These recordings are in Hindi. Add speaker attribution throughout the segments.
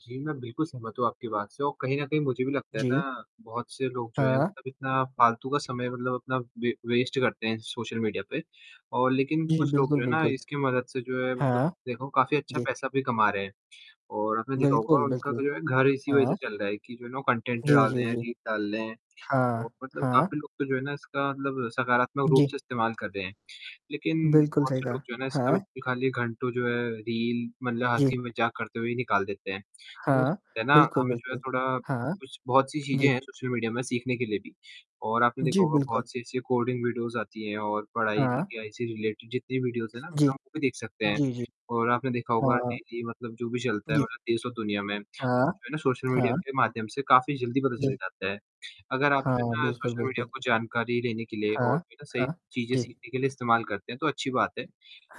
Speaker 1: जी, मैं बिल्कुल सहमत हूँ आपकी बात से और कहीं न कहीं मुझे भी लगता है
Speaker 2: जी।
Speaker 1: ना, बहुत से लोग जो हैं
Speaker 2: हाँ।
Speaker 1: मतलब इतना फालतू का समय मतलब अपना वे वेस्ट करते हैं सोशल मीडिया पे और लेकिन
Speaker 2: जी,
Speaker 1: कुछ लोग
Speaker 2: बिल्कुल,
Speaker 1: जो है ना
Speaker 2: बिल्कुल।
Speaker 1: इसके मदद से जो है मतलब
Speaker 2: हाँ।
Speaker 1: देखो काफ़ी अच्छा
Speaker 2: जी।
Speaker 1: पैसा भी कमा रहे हैं। और आपने देखा होगा
Speaker 2: बिल्कुल,
Speaker 1: उनका
Speaker 2: बिल्कुल।
Speaker 1: जो है घर इसी वजह से
Speaker 2: हाँ।
Speaker 1: चल रहा है कि जो है ना कंटेंट
Speaker 2: जी,
Speaker 1: डाल
Speaker 2: जी,
Speaker 1: दें हैं
Speaker 2: जी।
Speaker 1: रील डाल रहे हैं। और
Speaker 2: हाँ,
Speaker 1: मतलब
Speaker 2: हाँ।
Speaker 1: काफ़ी लोग तो जो है ना, इसका मतलब सकारात्मक रूप
Speaker 2: जी।
Speaker 1: से इस्तेमाल कर रहे हैं, लेकिन
Speaker 2: बिल्कुल
Speaker 1: बहुत
Speaker 2: सही
Speaker 1: से
Speaker 2: कहा।
Speaker 1: लोग जो है ना, इसका भी
Speaker 2: हाँ।
Speaker 1: निकालिए घंटों जो है रील मतलब
Speaker 2: जी।
Speaker 1: हँसी-मज़ाक करते हुए ही निकाल देते हैं। तो
Speaker 2: हाँ।
Speaker 1: उससे ना
Speaker 2: बिल्कुल,
Speaker 1: हमें जो है
Speaker 2: बिल्कुल।
Speaker 1: थोड़ा
Speaker 2: हाँ,
Speaker 1: कुछ बहुत सी चीज़ें
Speaker 2: जी।
Speaker 1: हैं सोशल मीडिया में सीखने के लिए भी और आपने
Speaker 2: जी,
Speaker 1: देखा होगा
Speaker 2: बिल्कुल।
Speaker 1: बहुत से ऐसी कोडिंग वीडियोज़ आती हैं, और पढ़ाई
Speaker 2: हाँ।
Speaker 1: या ऐसी रिलेटेड जितनी वीडियोज़ हैं ना
Speaker 2: जी।
Speaker 1: हम वो भी देख सकते हैं।
Speaker 2: जी, जी।
Speaker 1: और आपने देखा होगा
Speaker 2: हाँ।
Speaker 1: डेली मतलब जो भी चलता है
Speaker 2: जी।
Speaker 1: मतलब देश और दुनिया में।
Speaker 2: हाँ।
Speaker 1: जो है ना सोशल मीडिया
Speaker 2: हाँ।
Speaker 1: के माध्यम से काफ़ी जल्दी पता
Speaker 2: जी।
Speaker 1: चल जाता है। अगर आप
Speaker 2: हाँ,
Speaker 1: जो है ना
Speaker 2: बिल्कुल,
Speaker 1: सोशल मीडिया
Speaker 2: बिल्कुल।
Speaker 1: को जानकारी लेने के लिए और
Speaker 2: हाँ,
Speaker 1: जो है ना सही
Speaker 2: हाँ।
Speaker 1: चीज़ें
Speaker 2: जी।
Speaker 1: सीखने के लिए इस्तेमाल करते हैं, तो अच्छी बात है।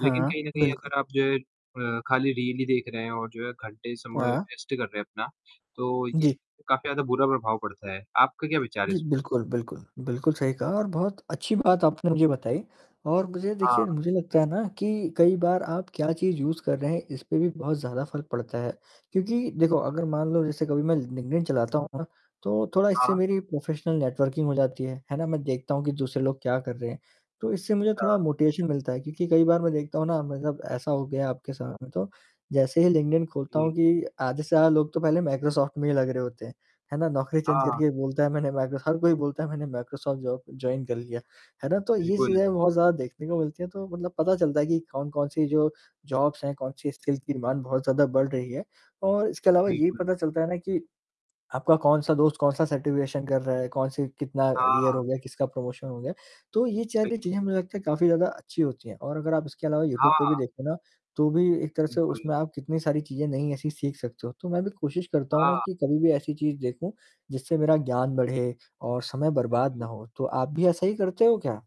Speaker 1: लेकिन कहीं न कहीं
Speaker 2: बिल्कुल।
Speaker 1: अगर आप जो है अ, खाली रील देख रहे हैं और जो है घंटे समय
Speaker 2: वाह!
Speaker 1: वेस्ट कर रहे हैं अपना, तो
Speaker 2: जी।
Speaker 1: इससे काफ़ी ज़्यादा बुरा प्रभाव पड़ता है, आपका क्या विचार है
Speaker 2: जी,
Speaker 1: इस पे?
Speaker 2: बिल्कुल, बिल्कुल, बिल्कुल सही कहा और बहुत अच्छी बात आपने मुझे बताई और मुझे देखिए
Speaker 1: हाँ।
Speaker 2: मुझे लगता है ना कि कई बार आप क्या चीज़ यूज़ कर रहे हैं इस पे भी बहुत ज़्यादा फ़र्क पड़ता है, क्योंकि देखो अगर मान लो जैसे कभी मैं लिंक्डइन चलाता हूँ ना, तो थोड़ा इससे
Speaker 1: हाँ।
Speaker 2: मेरी प्रोफ़ेशनल नेटवर्किंग हो जाती है, है ना? मैं देखता हूँ कि दूसरे लोग क्या कर रहे हैं, तो इससे मुझे थोड़ा
Speaker 1: हाँ।
Speaker 2: मोटिवेशन मिलता है। क्योंकि कई बार मैं देखता हूँ ना, मतलब ऐसा हो गया है आपके साथ में तो जैसे ही लिंक्डइन खोलता हूँ
Speaker 1: जी।
Speaker 2: कि आधे से आधे लोग तो पहले मैक्रोसॉफ्ट में ही लग रहे होते हैं, है ना? नौकरी
Speaker 1: हाँ,
Speaker 2: चेंज
Speaker 1: हाँ।
Speaker 2: करके बोलता है मैंने मैक्रोसॉफ् हर कोई बोलता है मैंने मैक्रोसॉफ्ट जो जॉइन कर लिया। है ना? तो ये
Speaker 1: बिल्कुल।
Speaker 2: चीज़ें बहुत ज़्यादा देखने को मिलती हैं तो मतलब पता चलता है कि कौन-कौन-सी जो जॉब्स हैं कौन-सी स्किल्स की डिमाँड बहुत ज़्यादा बढ़ रही है। और इसके अलावा यही
Speaker 1: बिल्कुल।
Speaker 2: पता चलता है ना कि आपका कौन-सा दोस्त कौन-सा सर्टिफिकेशन कर रहा है, कौन-से कितना ईयर
Speaker 1: हाँ।
Speaker 2: हो गया, किसका प्रमोशन हो गया? तो ये
Speaker 1: बिल्क
Speaker 2: चैरिटी ची हैं मुझे लगता है काफ़ी ज़्यादा अच्छी होती हैं और अगर आप इसके अलावा यूट्यूब पे भी
Speaker 1: हाँ।
Speaker 2: देखो ना, तो भी एक तरह से
Speaker 1: उमकुल
Speaker 2: उसमें आप कितनी सारी चीज़ें नई ऐसी सीख सकते हो। तो मैं भी कोशिश करता हूँ ना
Speaker 1: हाँ।
Speaker 2: कि कभी भी ऐसी चीज़ देखूँ, जिससे मेरा ज्ञान बढ़े और समय बर्बाद ना
Speaker 1: बिल्कुल।
Speaker 2: हो। तो आप भी ऐसा ही करते हो क्या?